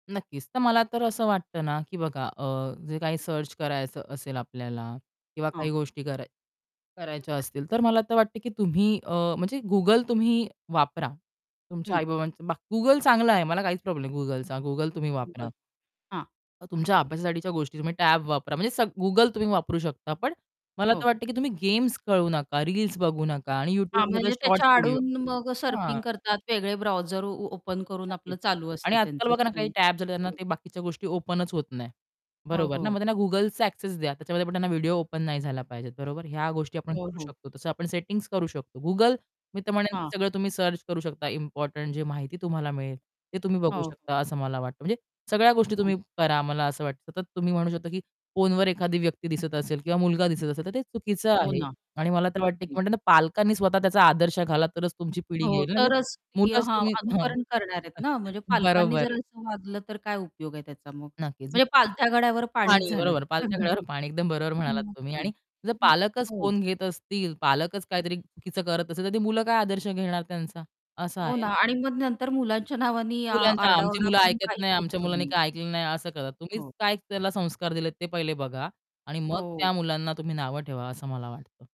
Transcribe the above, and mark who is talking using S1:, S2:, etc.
S1: नक्कीच. तर मला तर असं वाटतं ना, की बघा अ, जे काही सर्च करायचं असेल आपल्याला किंवा काही
S2: हां.
S1: गोष्टी कराय करायच्या असतील तर मला तर वाटतं, की तुम्ही अ, म्हणजे Google तुम्ही वापरा. तुमच्या
S2: हं.
S1: आई-बाबांचं बा Google चांगलं आहे, मला काहीच प्रॉब्लेम नाही Googleचा, Google तुम्ही
S2: बरं,
S1: वापरा.
S2: हां.
S1: अ, तुमच्या अभ्यासासाठीच्या गोष्टी, तुम्ही टॅब वापरा म्हणजे सग Google तुम्ही वापरू शकता पण मला तर
S2: हो.
S1: वाटतं, की तुम्ही गेम्स खेळू नका, रील्स बघू नका आणि
S2: हां,
S1: YouTubeमध्ये
S2: म्हणजे त्याच्या
S1: शॉर्टस् व्हिडिओ
S2: आडून मग
S1: हां.
S2: सर्फिंग करतात वेगळे ब्राऊझर ओ ओपन करून आपलं
S1: नक्कीच
S2: चालू
S1: आणि
S2: असतं
S1: आजकाल
S2: त्यांचं
S1: बघा ना, काही
S2: नवीन
S1: टॅबस् आलेत त्यांना
S2: हं.
S1: ते बाकीच्या गोष्टी ओपनच होत नाही.
S2: हो,
S1: बरोबर ना मग
S2: हो.
S1: त्यांना Googleचा एक्सेस द्या त्याच्यामध्ये पण त्यांना व्हिडिओ ओपन नाही झाला पाहिजे, बरोबर. ह्या गोष्टी आपण
S2: हो,
S1: करू
S2: हो.
S1: शकतो, तसं आपण सेटिंग्स करू शकतो. Google मी तर म्हणेल की
S2: हां.
S1: सगळं तुम्ही सर्च करू शकता इम्पोर्टंट जे माहिती तुम्हाला मिळेल, ते तुम्ही बघू
S2: हो.
S1: शकता असं मला वाटतं. म्हणजे सगळ्या गोष्टी
S2: हां.
S1: तुम्ही करा मला असं वाटतं, सतत तुम्ही म्हणू शकता, की फोनवर एखादी व्यक्ती दिसत असेल किंवा मुलगा दिसत असेल, तर ते चुकीचं
S2: हो
S1: आहे
S2: ना,
S1: आणि मला तर वाटतं, की
S2: अगदीच.
S1: म्हणतात ना, पालकांनी स्वतः त्याचा आदर्श घाला तरच तुमची पिढी
S2: हो,
S1: येईल ना हे
S2: तरच ती
S1: मुलाच
S2: हां,
S1: तुम्ही हां,
S2: अनुकरण करणार आहेत ना, म्हणजे पालकांनी
S1: बरोबर
S2: जर
S1: आहे.
S2: असं वागलं तर काय उपयोग आहे त्याचा मग
S1: नक्कीच.
S2: म्हणजे. "पालथ्या गड्यावर पाणीच"
S1: पाणी,
S2: झालं.
S1: बरोबर. "पालथ्या घड्यावर
S2: [unintelligible]
S1: पाणी", एकदम बरोबर म्हणालात
S2: मग
S1: तुम्ही.
S2: काय.
S1: आणि जर
S2: हं,
S1: पालकच
S2: हो.
S1: फोन घेत असतील, पालकच काहीतरी चुकीचं करत असतील, तर ती मुलं काय आदर्श घेणार त्यांचा? असं
S2: हो
S1: आहे
S2: ना
S1: ना.
S2: आणि मग नंतर मुलांच्या नावाने आ
S1: मुलांना, आमची
S2: आरडा-ओरडा
S1: मुलं
S2: करून
S1: ऐकत
S2: काहीच
S1: नाही, आमच्या
S2: उपयोग
S1: मुलांनी
S2: नाही.
S1: काय ऐकलं नाही असं करतात. तुम्हीच
S2: हो.
S1: काय त्याला संस्कार दिलेत ते पहिले बघा आणि मग
S2: हो.
S1: त्या मुलांना तुम्ही नावं ठेवा, असं मला वाटतं.